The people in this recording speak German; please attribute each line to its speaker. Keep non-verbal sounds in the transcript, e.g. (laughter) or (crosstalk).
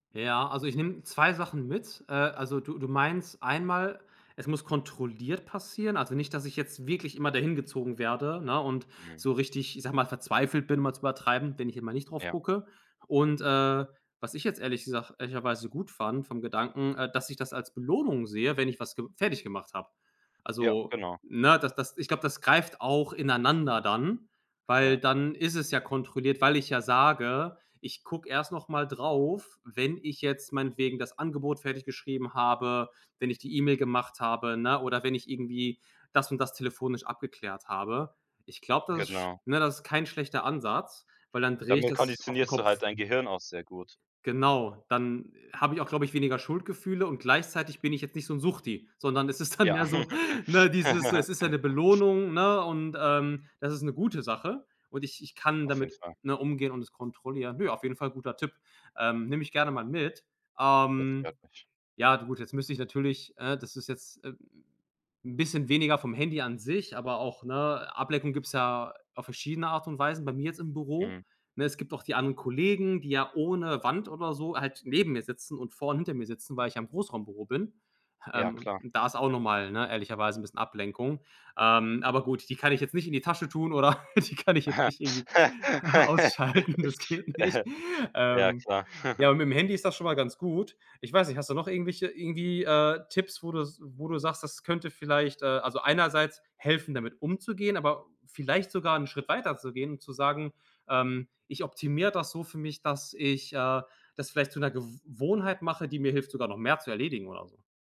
Speaker 1: Ja, also, ich nehme 2 Sachen mit. Äh, also, du du meinst einmal, es muss kontrolliert passieren, also nicht, dass ich jetzt wirklich immer dahin gezogen werde, ne, und
Speaker 2: Mhm.
Speaker 1: so richtig, ich sage mal, verzweifelt bin, um mal zu übertreiben, wenn ich einmal nicht drauf
Speaker 2: Ja.
Speaker 1: gucke. Und, äh, was ich jetzt ehrlich gesagt ehrlicherweise gut fand vom Gedanken, äh, dass ich das als Belohnung sehe, wenn ich was ge fertiggemacht habe.
Speaker 2: Ja,
Speaker 1: Also,
Speaker 2: genau.
Speaker 1: ne, das das ich glaube, das greift auch ineinander dann, weil
Speaker 2: Ja.
Speaker 1: dann ist es ja kontrolliert, weil ich ja sage, ich gucke erst noch mal darauf, wenn ich jetzt meinetwegen das Angebot fertig geschrieben habe, wenn ich die E-Mail gemacht habe, ne, oder wenn ich irgendwie das und das telefonisch abgeklärt habe. Ich glaube, das ist
Speaker 2: Genau.
Speaker 1: ne, das ist kein schlechter Ansatz, weil dann drehe ich
Speaker 2: Damit
Speaker 1: das auf 'n
Speaker 2: konditionierst du halt
Speaker 1: Kopf.
Speaker 2: dein Gehirn auch sehr gut.
Speaker 1: Genau, dann habe ich auch, glaube ich, weniger Schuldgefühle und gleichzeitig bin ich jetzt nicht so 'n Suchti, sondern es ist dann
Speaker 2: Ja.
Speaker 1: mehr so, ne, dieses so, es ist ja 'ne
Speaker 2: (laughs)
Speaker 1: Belohnung, ne, und, ähm, das ist 'ne gute Sache. Und ich ich kann
Speaker 2: Auf jeden
Speaker 1: damit,
Speaker 2: Fall.
Speaker 1: ne, umgehen und das kontrollieren. Ne, auf jeden Fall guter Tipp. Ähm, nehme ich gerne mal mit.
Speaker 2: Das
Speaker 1: Ähm.
Speaker 2: freut mich.
Speaker 1: Ja, du gut, jetzt müsste ich natürlich, ne das ist jetzt, äh 'n bisschen weniger vom Handy an sich, aber auch, ne, Ablenkung gibt's ja auf verschiedene Art und Weisen, bei mir jetzt im Büro.
Speaker 2: Mhm.
Speaker 1: Ne, es gibt auch die anderen Kollegen, die ja ohne Wand oder so halt neben mir sitzen und vor und hinter mir sitzen, weil ich ja im Großraumbüro bin.
Speaker 2: Ja,
Speaker 1: Ähm,
Speaker 2: klar.
Speaker 1: und da ist auch noch mal, ne, ehrlicherweise 'n bisschen Ablenkung. Ähm, aber gut, die kann ich jetzt nicht in die Tasche tun oder die kann ich jetzt nicht irgendwie
Speaker 2: (laughs)
Speaker 1: ausschalten. Das geht nicht.
Speaker 2: Ja,
Speaker 1: Ähm,
Speaker 2: klar.
Speaker 1: ja,
Speaker 2: (chuckles)
Speaker 1: aber mit'm Handy ist das schon mal ganz gut. Ich weiß nicht, hast du noch irgendwelche, irgendwie, äh, Tipps, wo du s wo du sagst, das könnte vielleicht, also, einerseits helfen, damit umzugehen, aber vielleicht sogar 'n Schritt weiterzugehen und zu sagen, ähm, ich optimiere das so für mich, dass ich, äh, das vielleicht zu 'ner Gew wohnheit mache, die mir hilft, sogar noch mehr zu erledigen oder so.